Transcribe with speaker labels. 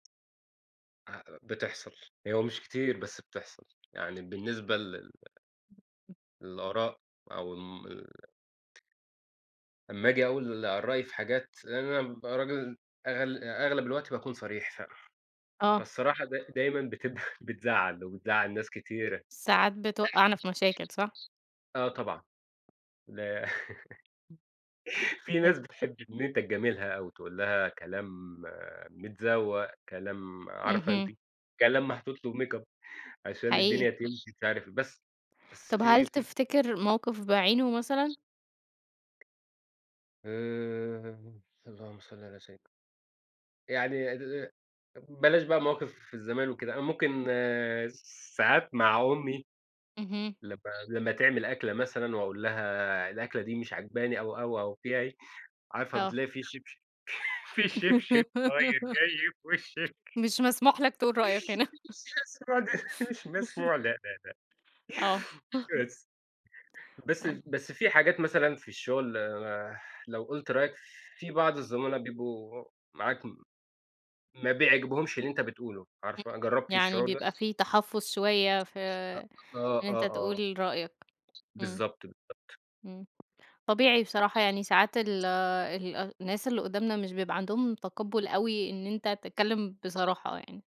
Speaker 1: [unintelligible] بتحصل. هو مش كتير، بس بتحصل. يعني بالنسبة لل للآراء أو ال أما أجي أقول رأي في حاجات، لأن أنا بابقى راجل أغل آآ أغلب الوقت باكون صريح ف
Speaker 2: آه.
Speaker 1: فالصراحة دا دايمًا بتبفى بتزعّل، وبتزعّل ناس كتيرة.
Speaker 2: ساعات بتوقعنا في مشاكل، صح.
Speaker 1: آه طبعًا، لأ. في
Speaker 2: [unintelligible]
Speaker 1: ناس بتحب إن أنت تجاملها أوي، تقول لها كلام متزوق، كلام عارفة أنتِ.
Speaker 2: اهم.
Speaker 1: كلام محطوط له makeup عشان الدنيا
Speaker 2: حقيقي.
Speaker 1: تمشي، مش عارف إيه. بس بس
Speaker 2: طب هل
Speaker 1: في في
Speaker 2: تفتكر موقف بعينه مثلًا؟
Speaker 1: آآ، اللهم صل على سيد يعني بلاش بقى مواقف زمان وكده. أنا ممكن ساعات مع أمي،
Speaker 2: اهم.
Speaker 1: لمّا لمّا تعمل أكلة مثلًا وأقول لها الأكلة دي مش عاجباني أو، أو، أو فيها إيه، عارفة
Speaker 2: آه.
Speaker 1: بتلاقي فيه شبشب، فيه شبشب طاير جاي في وشِك
Speaker 2: مش مسموح لك تقول رأيك هنا.
Speaker 1: [unintelligible] لا، لا، لا.
Speaker 2: آه.
Speaker 1: بس بس
Speaker 2: آه.
Speaker 1: بس في حاجات مثلًا في الشغل لو قُلت رأيك، في بعض الزملاء بيبقوا معاك ما بيعجبهمش اللي أنت بتقوله،
Speaker 2: امم،
Speaker 1: عارفة؟ جربتِ
Speaker 2: يعني
Speaker 1: الشعور ده؟
Speaker 2: بيبقى في تحفظ شوية، في
Speaker 1: [unintelligible] آه،
Speaker 2: إن أنت
Speaker 1: آه، آه.
Speaker 2: تقول رأيك. إمم،
Speaker 1: بالضبط، بالضبط.
Speaker 2: إمم. طبيعي بصراحة، يعني ساعات ال الناس اللي قدامنا مش بيبقى عندهم تقبل أوي إن أنت تتكلم بصراحة يعني.